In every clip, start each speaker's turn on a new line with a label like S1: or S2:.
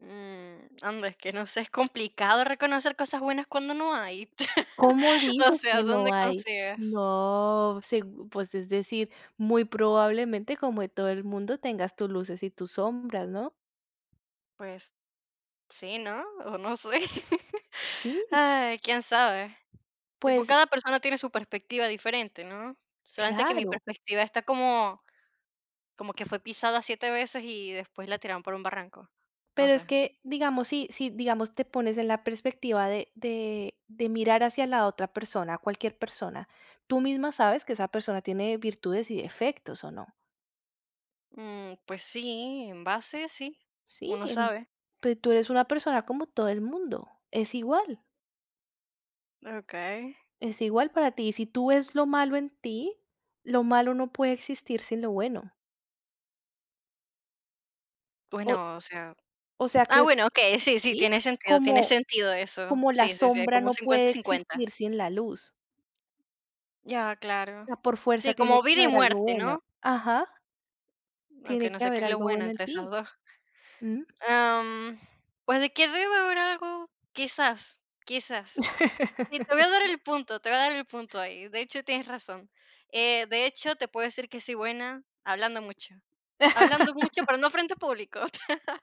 S1: Mm, anda, es que no sé, es complicado reconocer cosas buenas cuando no hay.
S2: ¿Cómo
S1: O
S2: dices que
S1: sea,
S2: no
S1: ¿dónde
S2: hay?
S1: consigues?
S2: No, seg pues, es decir, muy probablemente, como de todo el mundo, tengas tus luces y tus sombras, ¿no?
S1: Pues sí, ¿no? O no sé.
S2: Sí.
S1: Ay, quién sabe. Tipo,
S2: Pues
S1: cada persona tiene su perspectiva diferente, ¿no? Solamente que mi
S2: claro.
S1: perspectiva está como, como que fue pisada 7 veces y después la tiraron por un barranco, no
S2: Pero es
S1: sé.
S2: que, digamos, sí sí, digamos, te pones en la perspectiva de de de mirar hacia la otra persona, cualquier persona, tú misma sabes que esa persona tiene virtudes y defectos, ¿o no?
S1: Mm, pues sí, en base sí,
S2: Sí,
S1: uno
S2: em,
S1: sabe.
S2: pero tú eres una persona como todo el mundo, es igual.
S1: Okey.
S2: Es igual para ti, y si tú ves lo malo en ti, lo malo no puede existir sin lo bueno. O
S1: Bueno, o sea
S2: o sea,
S1: ah,
S2: que
S1: bueno, okey, sí, sí,
S2: ¿sí?,
S1: tiene sentido tiene
S2: como
S1: sentido eso.
S2: como la
S1: Sí, sí, sí,
S2: sombra
S1: como
S2: no
S1: cincuenta,
S2: puede
S1: cincuenta.
S2: existir sin la luz.
S1: Ya, claro.
S2: Por fuerza
S1: Sí,
S2: tiene
S1: como
S2: que
S1: vida y
S2: haber algo
S1: muerte,
S2: bueno,
S1: ¿no?
S2: ajá.
S1: Aunque
S2: Tiene
S1: no
S2: que
S1: sé que
S2: haber
S1: es lo
S2: algo
S1: bueno
S2: bueno en
S1: entre esas
S2: ti,
S1: 2.
S2: ¿mm?
S1: Am, pues, ¿de qué debe haber algo? Quizás, quizás. Y te voy a dar el punto te voy a dar el punto ahí. De hecho, tienes razón. Eh, de hecho, te puedo decir que soy buena hablando mucho. Hablando mucho, pero no frente a público,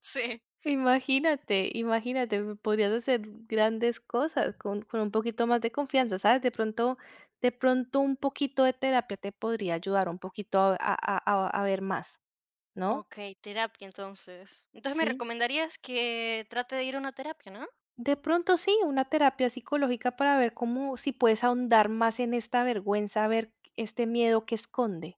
S1: sí.
S2: Imagínate, imagínate, p podrías hacer g grandes cosas con con un poquito más de confianza, ¿sabes? De pronto de pronto un poquito de terapia te podría ayudar un poquito a a a a ver más, ¿no?
S1: Okey, terapia entonces. Entonces me
S2: ¿Sí?
S1: recomendarías que trate de ir a una terapia, ¿no?
S2: De pronto sí, una terapia psicológica para ver cómo si puedes ahondar más en esta vergüenza, a ver este miedo que esconde.